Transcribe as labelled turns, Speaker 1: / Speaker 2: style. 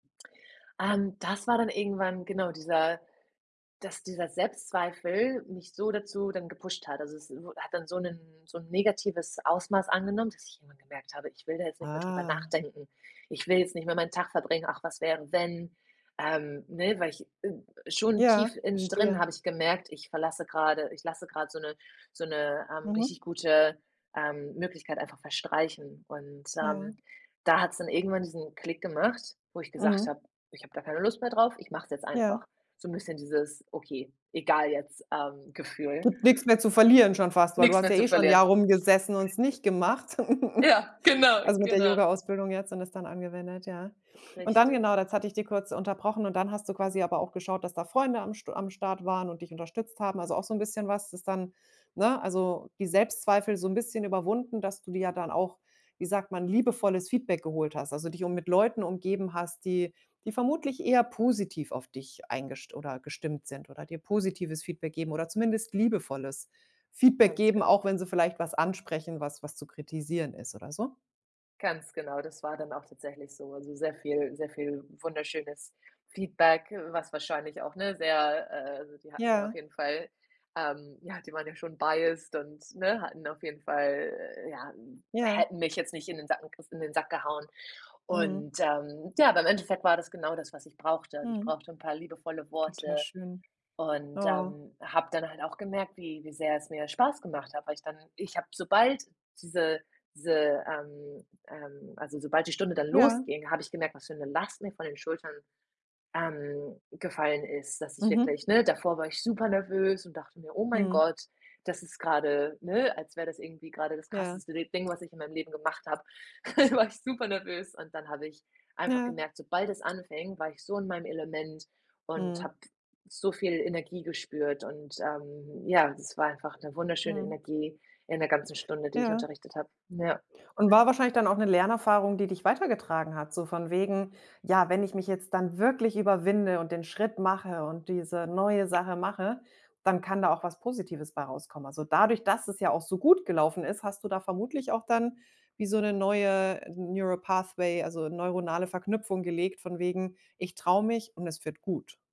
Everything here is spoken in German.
Speaker 1: Ähm, das war dann irgendwann, genau, dieser dass dieser Selbstzweifel mich so dazu dann gepusht hat. Also, es w hat dann so 'nen so 'n negatives Ausmaß angenommen, dass ich irgendwann gemerkt habe, ich will da jetzt nicht mehr drüber
Speaker 2: Ah.
Speaker 1: nachdenken. Ich will jetzt nicht mehr meinen Tag verbringen. Ach, was wäre, wenn? Ähm, ne, weil ich, äh, schon
Speaker 2: Ja,
Speaker 1: tief innen drin
Speaker 2: verstehe.
Speaker 1: habe ich gemerkt, ich verlasse gerade ich lasse gerade so 'ne so 'ne, ähm,
Speaker 2: Mhm.
Speaker 1: richtig gute, ähm, Möglichkeit einfach verstreichen. Und,
Speaker 2: Ja.
Speaker 1: ähm, da hat's dann irgendwann diesen Klick gemacht, wo ich gesagt
Speaker 2: Mhm.
Speaker 1: habe: „Ich hab da keine Lust mehr drauf, ich mache es jetzt
Speaker 2: Ja.
Speaker 1: einfach." So bisschen dieses „Okay, egal jetzt“ ähm, Gefühl
Speaker 2: Gibt nix mehr zu verlieren schon fast, weil du
Speaker 1: Nix
Speaker 2: hast
Speaker 1: mehr
Speaker 2: ja
Speaker 1: zu
Speaker 2: eh schon 'n Jahr
Speaker 1: verlieren.
Speaker 2: rumgesessen und es nicht gemacht.
Speaker 1: Ja, genau,
Speaker 2: Also, mit der
Speaker 1: genau.
Speaker 2: Yogaausbildung jetzt und es dann angewendet, ja. Und dann,
Speaker 1: Richtig.
Speaker 2: genau, jetzt hatte ich dir kurz unterbrochen und dann hast du quasi aber auch geschaut, dass da Freunde am St am Start waren und dich unterstützt haben. Also, auch so 'n bisschen was, das dann ne, also die Selbstzweifel so 'n bisschen überwunden, dass du dir ja dann auch, wie sagt man, liebevolles Feedback geholt hast, also dich um mit Leuten umgeben hast, die die vermutlich eher positiv auf dich eingest oder gestimmt sind oder dir positives Feedback geben oder zumindest liebevolles Feedback
Speaker 1: Ganz
Speaker 2: geben,
Speaker 1: genau.
Speaker 2: auch wenn sie vielleicht was ansprechen, was was zu kritisieren ist oder so?
Speaker 1: Ganz genau, das war dann auch tatsächlich so. Also sehr viel sehr viel wunderschönes Feedback, was wahrscheinlich auch, ne, sehr, äh also, die hatten ja auf
Speaker 2: Ja.
Speaker 1: jeden Fall, ähm ja, die waren ja schon biased, und ne, hatten auf jeden Fall, äh ja,
Speaker 2: Ja.
Speaker 1: hätten mich jetzt nicht in den Sack gek in den Sack gehauen.
Speaker 2: Mhm.
Speaker 1: Und, ähm, ja, aber im Endeffekt war das genau das, was ich brauchte. Also, ich
Speaker 2: Mhm.
Speaker 1: brauchte 'n paar liebevolle
Speaker 2: Total
Speaker 1: Worte
Speaker 2: schön.
Speaker 1: und,
Speaker 2: Oh.
Speaker 1: ähm, hab dann halt auch gemerkt, wie wie sehr es mir Spaß gemacht hat, weil ich dann ich hab, sobald diese diese, ähm ähm, also, sobald die Stunde dann
Speaker 2: Ja.
Speaker 1: losging, habe ich gemerkt, was für 'ne Last mir von den Schultern, ähm, gefallen ist, dass ich
Speaker 2: Mhm.
Speaker 1: wirklich ne, davor war ich super nervös und dachte mir: „Oh mein
Speaker 2: Mhm.
Speaker 1: Gott, das ist gerade "ne, als wäre das irgendwie gerade das
Speaker 2: Ja.
Speaker 1: krasseste d Ding, was ich in meinem Leben gemacht habe. War ich super nervös. Und dann habe ich einfach
Speaker 2: Ja.
Speaker 1: gemerkt, sobald es anfing, war ich so in meinem Element und
Speaker 2: Mhm.
Speaker 1: habe so viel Energie gespürt. Und, ähm, ja, es war einfach 'ne wunderschöne
Speaker 2: Mhm.
Speaker 1: Energie in der ganzen Stunde, die ich
Speaker 2: Ja.
Speaker 1: unterrichtet habe. Ja.
Speaker 2: Und war wahrscheinlich dann auch 'ne Lernerfahrung, die dich weitergetragen hat, so von wegen: „Ja, wenn ich mich jetzt dann wirklich überwinde und den Schritt mache und diese neue Sache mache, dann kann da auch was Positives bei rauskommen." Also dadurch, dass es ja auch so gut gelaufen ist, hast du da vermutlich auch dann wie so 'ne neue Neuro Pathway, also neuronale Verknüpfung gelegt, von wegen: „Ich trau mich, und es wird gut.“